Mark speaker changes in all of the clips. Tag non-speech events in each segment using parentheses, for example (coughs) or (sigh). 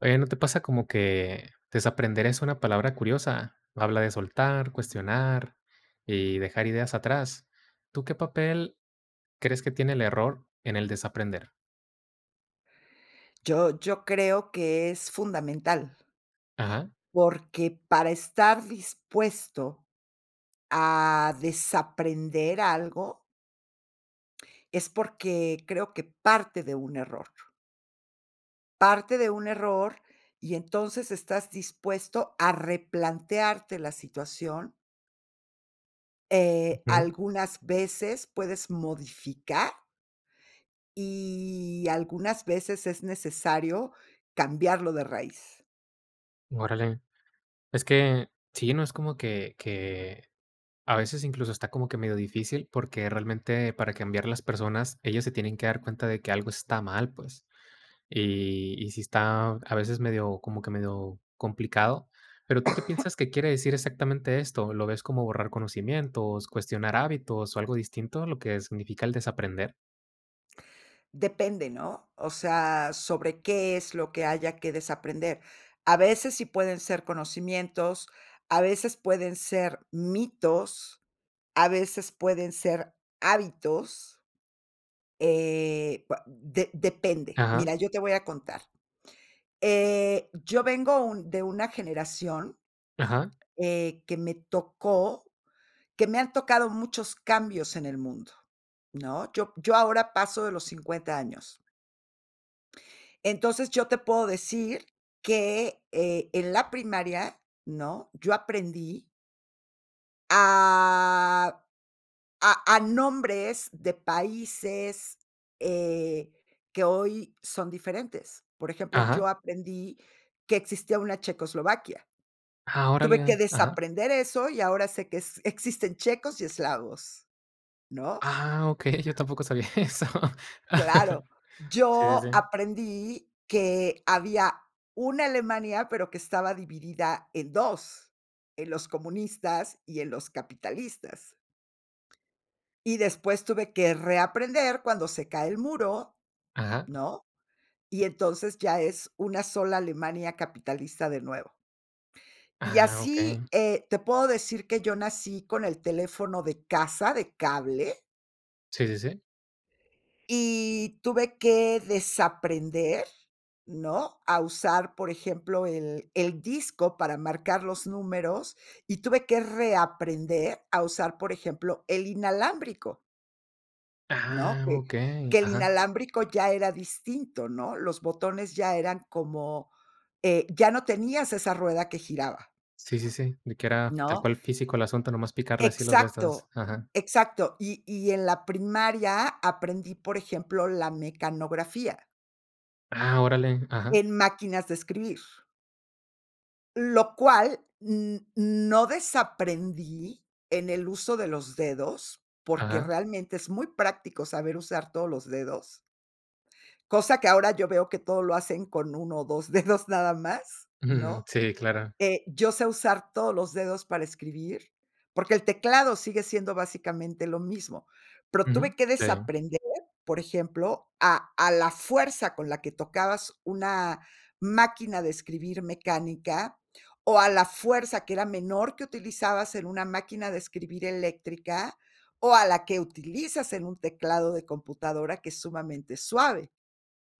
Speaker 1: Oye, ¿no te pasa como que desaprender es una palabra curiosa? Habla de soltar, cuestionar y dejar ideas atrás. ¿Tú qué papel crees que tiene el error en el desaprender?
Speaker 2: Yo yo creo que es fundamental.
Speaker 1: Ajá.
Speaker 2: Porque para estar dispuesto a desaprender algo es porque creo que parte de un error. Parte de un error, y entonces estás dispuesto a replantearte la situación. Eh,
Speaker 1: Ujú.
Speaker 2: algunas veces puedes modificar. Y algunas veces es necesario cambiarlo de raíz.
Speaker 1: Órale. Es que, sí, no es como que que, a veces, incluso, está como que medio difícil, porque realmente para cambiar las personas, ellas se tienen que dar cuenta de que algo está mal, pues. Y y si está a veces medio como que medio complicado. Pero, ¿tú qué piensas que quiere
Speaker 2: (coughs)
Speaker 1: decir exactamente esto? ¿Lo ves como borrar conocimientos, cuestionar hábitos o algo distinto a lo que significa el desaprender?
Speaker 2: Depende, ¿no? O sea, sobre qué es lo que haya que desaprender. A veces sí pueden ser conocimientos, a veces pueden ser mitos, a veces pueden ser hábitos. Eh, va de depende.
Speaker 1: Ajá.
Speaker 2: Mira, yo te voy a contar, eh, yo vengo un de una generación,
Speaker 1: Ajá.
Speaker 2: eh, que me tocó que me han tocado muchos cambios en el mundo, ¿no? Yo yo ahora paso de los 50 años. Entonces, yo te puedo decir que, eh, en la primaria, ¿no? Yo aprendí a a a nombres de países, eh, que hoy son diferentes. Por ejemplo,
Speaker 1: Ajá.
Speaker 2: yo aprendí que existía una Checoslovaquia.
Speaker 1: Ah,
Speaker 2: Tuve que
Speaker 1: Órale. Ajá.
Speaker 2: desaprender eso, y ahora sé que es existen checos y eslavos, ¿no?
Speaker 1: Ah, okey. Yo tampoco sabía eso.
Speaker 2: Claro.
Speaker 1: (chuckles) Si, si,
Speaker 2: Yo
Speaker 1: si.
Speaker 2: aprendí que había una Alemania, pero que estaba dividida en 2, en los comunistas y en los capitalistas. Y después tuve que reaprender cuando se cae el muro,
Speaker 1: Ajá.
Speaker 2: ¿no? Y entonces, ya es una sola Alemania capitalista de nuevo. Y
Speaker 1: Ah,
Speaker 2: así,
Speaker 1: okey.
Speaker 2: eh, te puedo decir que yo nací con el teléfono de casa, de cable.
Speaker 1: Si, si, si.
Speaker 2: Y tuve que desaprender, ¿no? A usar, por ejemplo, el el disco para marcar los números, y tuve que reaprender a usar, por ejemplo, el inalámbrico. ¿No?
Speaker 1: Ah,
Speaker 2: Que
Speaker 1: okey.
Speaker 2: que el
Speaker 1: Ajá.
Speaker 2: inalámbrico ya era distinto, ¿no? Los botones ya eran como eh, ya no tenías esa rueda que giraba.
Speaker 1: Sí, sí, sí, de que era tal
Speaker 2: ¿No?
Speaker 1: cual físico el asunto, nomás picarle así los destos.
Speaker 2: Exacto,
Speaker 1: Ajá.
Speaker 2: exacto. Y y en la primaria aprendí, por ejemplo, la mecanografía.
Speaker 1: Ah, órale. Ajá.
Speaker 2: En máquinas de escribir. Lo cual, n no desaprendí en el uso de los dedos, porque
Speaker 1: Aja.
Speaker 2: realmente es muy práctico saber usar todos los dedos. Cosa que ahora yo veo que todo lo hacen con 1 ó 2 dedos nada más,
Speaker 1: (chuckles)
Speaker 2: ¿no?
Speaker 1: Sí, claro.
Speaker 2: Eh, yo sé usar todos los dedos para escribir, porque el teclado sigue siendo básicamente lo mismo. Pero
Speaker 1: Uju,
Speaker 2: tuve que
Speaker 1: si.
Speaker 2: desaprender, por ejemplo, a a la fuerza con la que tocabas una máquina de escribir mecánica, o a la fuerza, que era menor, que utilizabas en una máquina de escribir eléctrica, o a la que utilizas en un teclado de computadora que es sumamente suave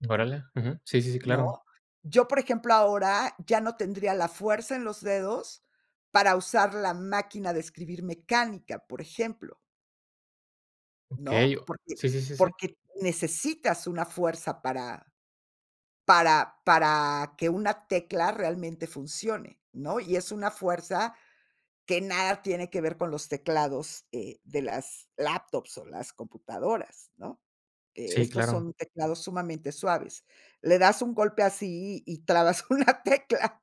Speaker 1: Órale, ujú, sí, sí, sí,
Speaker 2: ¿no?
Speaker 1: claro.
Speaker 2: Yo, por ejemplo, ahora, ya no tendría la fuerza en los dedos para usar la máquina de escribir mecánica, por ejemplo
Speaker 1: Okey,
Speaker 2: ¿no? Porque
Speaker 1: sí, sí, sí, sí.
Speaker 2: porque necesitas una fuerza para para para que una tecla realmente funcione, ¿no? Y es una fuerza que nada tiene que ver con los teclados, eh, de las laptops o las computadoras, ¿no? E
Speaker 1: Sí,
Speaker 2: estos
Speaker 1: claro.
Speaker 2: son teclados sumamente suaves. Le das un golpe así y trabas una tecla.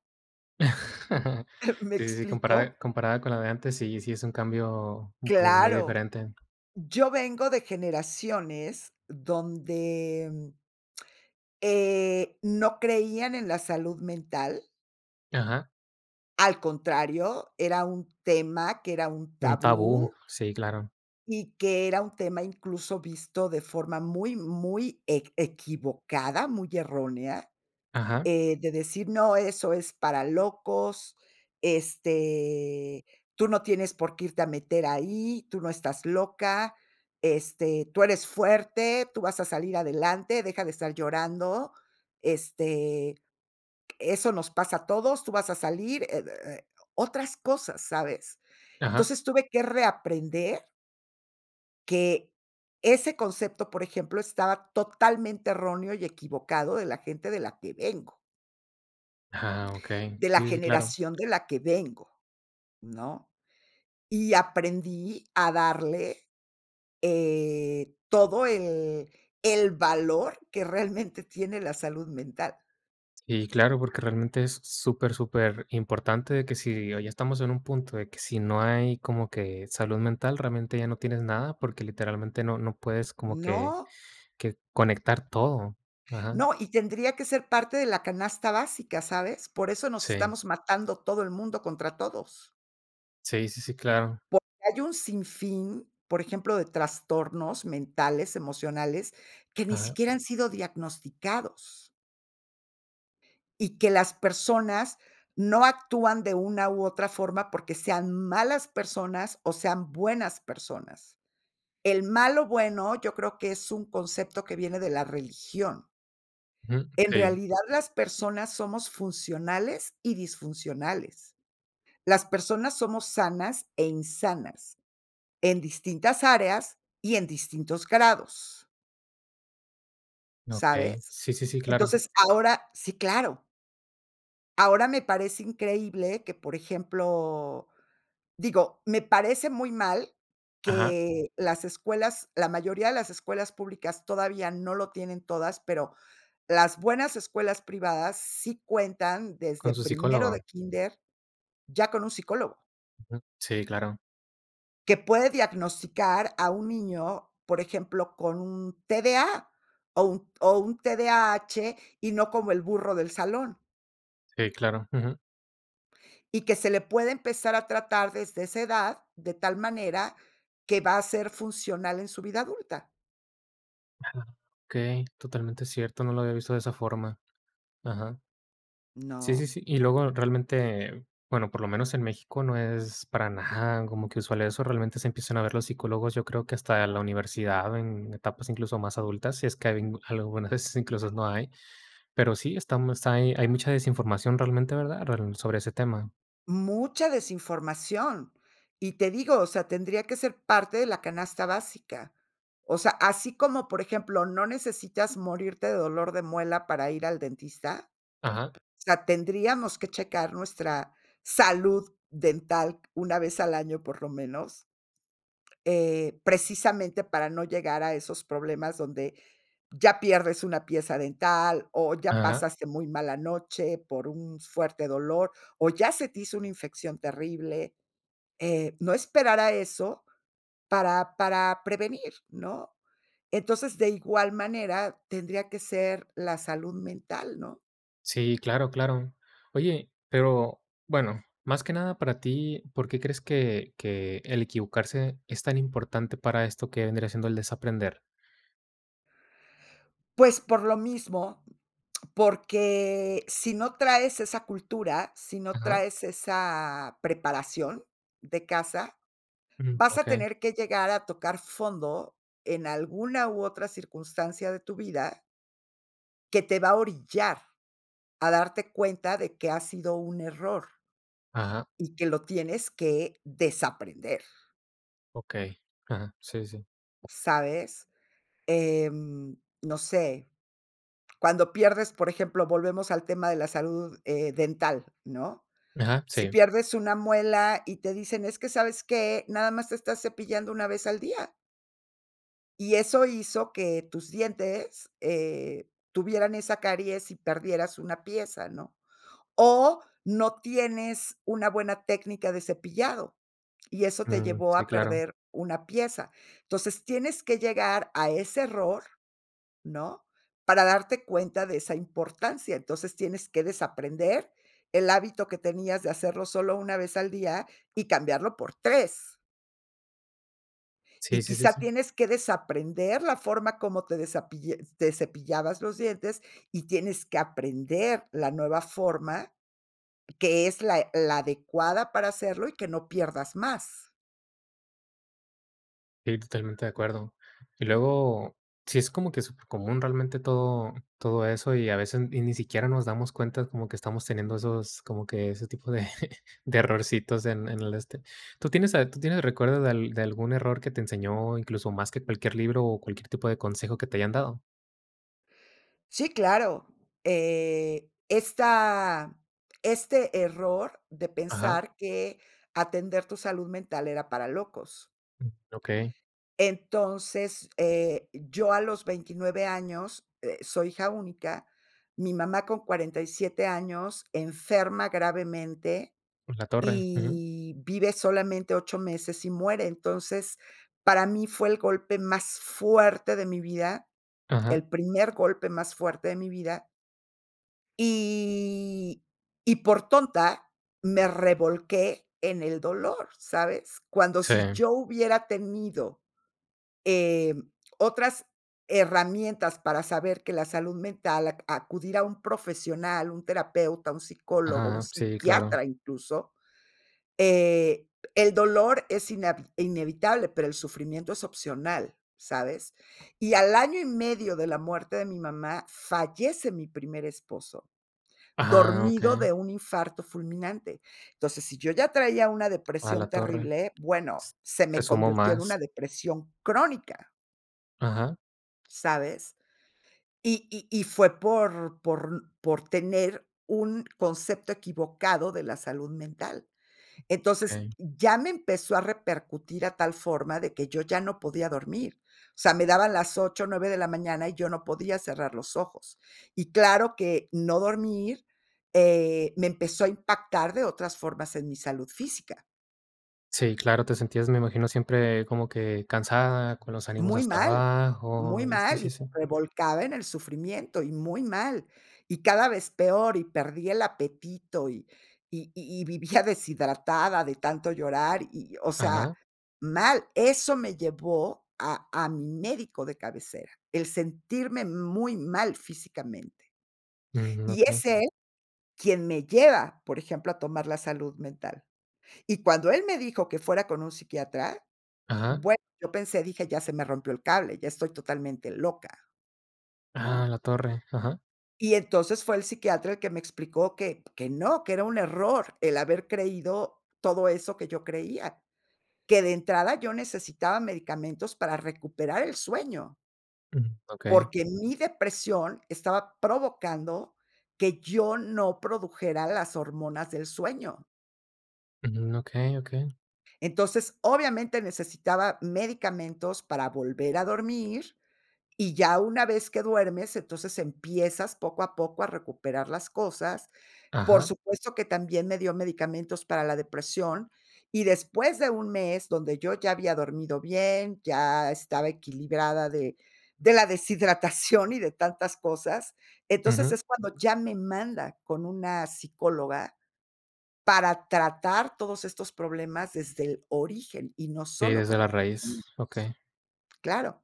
Speaker 1: (chuckles)
Speaker 2: (giggles) ¿Me
Speaker 1: Sí, sí, sí,
Speaker 2: explico?
Speaker 1: compara comparada con la de antes, sí, sí es un cambio como muy
Speaker 2: Claro.
Speaker 1: diferente.
Speaker 2: Yo vengo de generaciones donde, (smacks lips) eh, no creían en la salud mental.
Speaker 1: Ajá.
Speaker 2: Al contrario, era un tema que era un
Speaker 1: Un tabú.
Speaker 2: tabú.
Speaker 1: Sí, claro.
Speaker 2: Y que era un tema incluso visto de forma muy, muy eq equivocada, muy errónea,
Speaker 1: Ajá.
Speaker 2: eh, de decir: "No, eso es para locos, este, tú no tienes por qué irte a meter ahí, tú no estás loca, este, tú eres fuerte, tú vas a salir adelante, deja de estar llorando, este, q eso nos pasa a todos, tú vas a salir." Eh, oh, eh, otras cosas, ¿sabes?
Speaker 1: Ajá.
Speaker 2: Entonces, tuve que reaprender que ese concepto, por ejemplo, estaba totalmente erróneo y equivocado de la gente de la que vengo.
Speaker 1: Ah, okey.
Speaker 2: De
Speaker 1: Sí,
Speaker 2: la
Speaker 1: sí, sí claro.
Speaker 2: generación de la que vengo, ¿no? Y aprendí a darle, eh, todo el el valor que realmente tiene la salud mental.
Speaker 1: Y claro, porque realmente es super, superimportante que si hoy estamos en un punto de que si no hay como que salud mental, realmente ya no tienes nada, porque literalmente no no puedes como que
Speaker 2: No.
Speaker 1: que conectar todo, ajá.
Speaker 2: No, y tendría que ser parte de la canasta básica, ¿sabes? Por eso nos
Speaker 1: Sí.
Speaker 2: estamos matando todo el mundo contra todos.
Speaker 1: Sí sí sí, claro.
Speaker 2: Porque hay un sinfín, por ejemplo, de trastornos mentales, emocionales, que ni
Speaker 1: Ajá.
Speaker 2: siquiera han sido diagnosticados. Y que las personas no actúan de una u otra forma porque sean malas personas o sean buenas personas. El "malo bueno", yo creo que es un concepto que viene de la religión.
Speaker 1: Ujú,
Speaker 2: En
Speaker 1: okey.
Speaker 2: realidad, las personas somos funcionales y disfuncionales. Las personas somos sanas e insanas en distintas áreas y en distintos grados.
Speaker 1: Okey,
Speaker 2: ¿Sabes?
Speaker 1: sí sí sí, claro.
Speaker 2: Entonces, ahora sí, claro. Ahora me parece increíble que, por ejemplo, digo, me parece muy mal
Speaker 1: Ajá.
Speaker 2: que las escuelas, la mayoría de las escuelas públicas, todavía no lo tienen todas, pero las buenas escuelas privadas sí cuentan desde
Speaker 1: Con su
Speaker 2: primero de
Speaker 1: psicólogo.
Speaker 2: kínder, ya con un psicólogo.
Speaker 1: Ujú, sí, claro.
Speaker 2: Que puede diagnosticar a un niño, por ejemplo, con un TDA o un o un TDAH, y no como el burro del salón.
Speaker 1: Sí, claro, ujú.
Speaker 2: Y que se le puede empezar a tratar desde esa edad, de tal manera que va a ser funcional en su vida adulta.
Speaker 1: Ajá, okey, totalmente cierto, no lo había visto de esa forma. Ajá. Sí, sí,
Speaker 2: No.
Speaker 1: sí, y luego realmente, bueno, por lo menos en México, no es para nada como que usual eso, realmente se empiezan a ver los psicólogos, yo creo que hasta la universidad, en etapas incluso más adultas, si es que a habien algún a veces, incluso no hay. Pero sí, estamos hay hay mucha desinformación realmente, ¿verdad?, rel sobre ese tema.
Speaker 2: Mucha desinformación. Y te digo, o sea, tendría que ser parte de la canasta básica. O sea, así como, por ejemplo, no necesitas morirte de dolor de muela para ir al dentista,
Speaker 1: Ajá.
Speaker 2: o sea, tendríamos que checar nuestra salud dental una vez al año, por lo menos. Eh, precisamente para no llegar a esos problemas donde ya pierdes una pieza dental o ya
Speaker 1: Ajá.
Speaker 2: pasaste muy mala noche por un fuerte dolor, o ya se te hizo una infección terrible. Eh, no esperar a eso para para prevenir, ¿no? Entonces, de igual manera, tendría que ser la salud mental, ¿no?
Speaker 1: Sí, claro, claro. Oye, pero, bueno, más que nada para ti, ¿por qué crees que que el equivocarse es tan importante para esto que vendría siendo el desaprender?
Speaker 2: Pues, por lo mismo, porque si no traes esa cultura, si no
Speaker 1: Ajá.
Speaker 2: traes esa preparación de casa,
Speaker 1: Mm,
Speaker 2: vas a
Speaker 1: okey.
Speaker 2: tener que llegar a tocar fondo en alguna, u, otra circunstancia de tu vida que te va a orillar a darte cuenta de que ha sido un error
Speaker 1: Ajá.
Speaker 2: y que lo tienes que desaprender.
Speaker 1: Okey, ajá. Sí, sí.
Speaker 2: ¿Sabes? Eh, no sé, cuando pierdes, por ejemplo, volvemos al tema de la salud, eh, dental, ¿no?
Speaker 1: Ajá,
Speaker 2: Si
Speaker 1: sí.
Speaker 2: pierdes una muela, y te dicen: "Es que, ¿sabes qué? Nada más te estás cepillando una vez al día". Y eso hizo que tus dientes, eh, tuvieran esa caries y perdieras una pieza, ¿no? O, no tienes una buena técnica de cepillado, y eso te
Speaker 1: Mm,
Speaker 2: llevó
Speaker 1: sí,
Speaker 2: a
Speaker 1: claro.
Speaker 2: perder una pieza. Entonces, tienes que llegar a ese error, ¿no? Para darte cuenta de esa importancia. Entonces, tienes que desaprender el hábito que tenías de hacerlo solo 1 vez al día y cambiarlo por 3.
Speaker 1: Sí
Speaker 2: Y
Speaker 1: sí sí
Speaker 2: quizá
Speaker 1: sí.
Speaker 2: tienes que desaprender la forma como te desapille te cepillabas los dientes y tienes que aprender la nueva forma, que es la e la adecuada para hacerlo y que no pierdas más.
Speaker 1: Sí, totalmente de acuerdo. Y luego, sí es como que supercomún realmente todo todo eso, y a veces y ni siquiera nos damos cuenta como que estamos teniendo esos como que ese tipo de (laughs) de errorcitos en en el, este ¿Tú tienes a ¿Tú tienes recuerdo de al de algún error que te enseñó, incluso más que cualquier libro o cualquier tipo de consejo que te hayan dado?
Speaker 2: Sí, claro, eh, esta este error de
Speaker 1: Ajá.
Speaker 2: pensar que atender tu salud mental era para locos.
Speaker 1: Mm, okey.
Speaker 2: Entonces, eh, yo a los 29 años, eh, soy hija única. Mi mamá con 47 años enferma gravemente
Speaker 1: En la torre, ujú.
Speaker 2: y vive solamente 8 meses y muere. Entonces, para mí fue el golpe más fuerte de mi vida,
Speaker 1: Ajá.
Speaker 2: el primer golpe más fuerte de mi vida. Y y por tonta me revolqué en el dolor, ¿sabes? Cuando si
Speaker 1: Sí.
Speaker 2: yo hubiera tenido, eh, otras herramientas para saber que la salud mental ac acudir a un profesional, un terapeuta, un psicólogo, un
Speaker 1: Ajá, sí, claro.
Speaker 2: psiquiatra incluso, eh, el dolor es inavi inevitable, pero el sufrimiento es opcional, ¿sabes? Y al año y medio de la muerte de mi mamá, fallece mi primer esposo,
Speaker 1: Ajá,
Speaker 2: dormido
Speaker 1: okey.
Speaker 2: de un infarto fulminante. Entonces, si yo ya traía una
Speaker 1: A
Speaker 2: depresión
Speaker 1: la torre,
Speaker 2: terrible, bueno,
Speaker 1: s,
Speaker 2: se
Speaker 1: se
Speaker 2: me
Speaker 1: sumó
Speaker 2: convirtió en
Speaker 1: más.
Speaker 2: una depresión crónica.
Speaker 1: Ajá.
Speaker 2: ¿Sabes? Y y y fue por por por tener un concepto equivocado de la salud mental. Entonces,
Speaker 1: Okey.
Speaker 2: ya me empezó a repercutir a tal forma, de que yo ya no podía dormir. O sea, me daban las 8, 9 de la mañana, y yo no podía cerrar los ojos. Y claro que no dormir, eh, me empezó a impactar de otras formas en mi salud física.
Speaker 1: Sí, claro, te sentías, me imagino, siempre como que cansada, con los ánimos
Speaker 2: Muy
Speaker 1: hasta
Speaker 2: mal, muy
Speaker 1: abajo, y sí,
Speaker 2: mal, y me
Speaker 1: sí, sí.
Speaker 2: revolcaba en el sufrimiento, y muy mal, y cada vez peor, y perdí el apetito y y y y vivía deshidratada de tanto llorar, y, o sea,
Speaker 1: Ajá.
Speaker 2: mal. Eso me llevó a a mi médico de cabecera. El sentirme muy mal físicamente.
Speaker 1: Mm,
Speaker 2: Y
Speaker 1: okey.
Speaker 2: es él quien me lleva, por ejemplo, a tomar la salud mental. Y cuando él me dijo que fuera con un psiquiatra,
Speaker 1: Ajá.
Speaker 2: bueno, yo pensé, dije: "Ya se me rompió el cable, ya estoy totalmente loca",
Speaker 1: A
Speaker 2: ¿no?
Speaker 1: la torre. Ajá.
Speaker 2: Y entonces fue el psiquiatra el que me explicó que p que no, que era un error el haber creído todo eso que yo creía, que de entrada yo necesitaba medicamentos para recuperar el sueño.
Speaker 1: Mm, okey.
Speaker 2: Porque mi depresión estaba provocando que yo no produjera las hormonas del sueño.
Speaker 1: Ujú, okey, okey.
Speaker 2: Entonces, obviamente, necesitaba medicamentos para volver a dormir, y ya una vez que duermes, entonces empiezas poco a poco a recuperar las cosas. Por
Speaker 1: Ajá.
Speaker 2: supuesto que también me dio medicamentos para la depresión, y después de un mes donde yo ya había dormido bien, ya estaba equilibrada de de la deshidratación y de tantas cosas. Entonces,
Speaker 1: Ujú.
Speaker 2: es cuando ya me manda con una psicóloga para tratar todos estos problemas desde el origen y no
Speaker 1: Sí,
Speaker 2: solo
Speaker 1: desde
Speaker 2: con los
Speaker 1: la raíz,
Speaker 2: medicamentos.
Speaker 1: okey.
Speaker 2: Claro,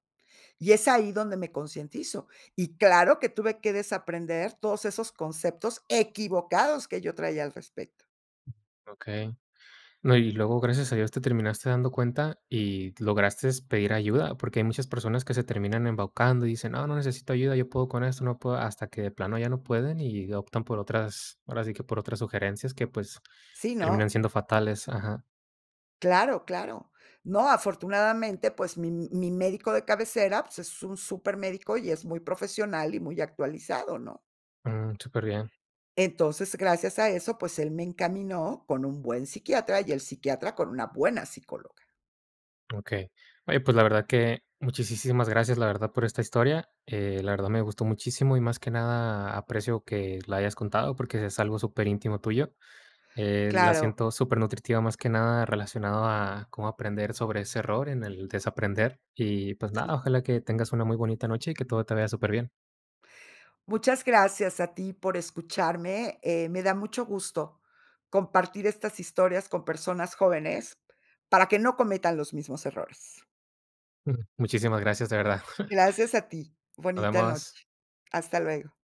Speaker 2: y es ahí donde me concientizo, y claro que tuve que desaprender todos esos conceptos equivocados que yo traía al respecto.
Speaker 1: Okey. No, y luego, gracias a Dios, te terminaste dando cuenta y lograste pedir ayuda, porque hay muchas personas que se terminan embaucando y dicen: "No, no necesito ayuda, yo puedo con esto, yo puedo", hasta que de plano ya no pueden, y optan por otras, ahora sí que por otras sugerencias que, pues,
Speaker 2: Sí,
Speaker 1: terminan
Speaker 2: no.
Speaker 1: siendo fatales, ajá.
Speaker 2: Claro, claro. No, afortunadamente, pues, mi mi médico de cabecera, pues, es un supermédico, y es muy profesional y muy actualizado, ¿no?
Speaker 1: Mm, súper bien.
Speaker 2: Entonces, gracias a eso, pues, él me encaminó con un buen psiquiatra, y el psiquiatra con una buena psicóloga.
Speaker 1: Okey. Oye, pues, la verdad que muchisísimas gracias, la verdad, por esta historia, eh, la verdad, me gustó muchísimo, y más que nada aprecio que la hayas contado porque es algo superíntimo tuyo. La
Speaker 2: Claro.
Speaker 1: siento supernutritiva, más que nada relacionado a cómo aprender sobre ese error en el desaprender, y, pues, nada,
Speaker 2: Sí.
Speaker 1: ojalá que tengas una muy bonita noche, y que todo te vea superbién.
Speaker 2: Muchas gracias a ti por escucharme, eh, me da mucho gusto compartir estas historias con personas jóvenes para que no cometan los mismos errores.
Speaker 1: M muchísimas gracias, de verdad.
Speaker 2: Gracias a ti.
Speaker 1: Nos
Speaker 2: Bonita noche.
Speaker 1: vemos.
Speaker 2: Hasta luego.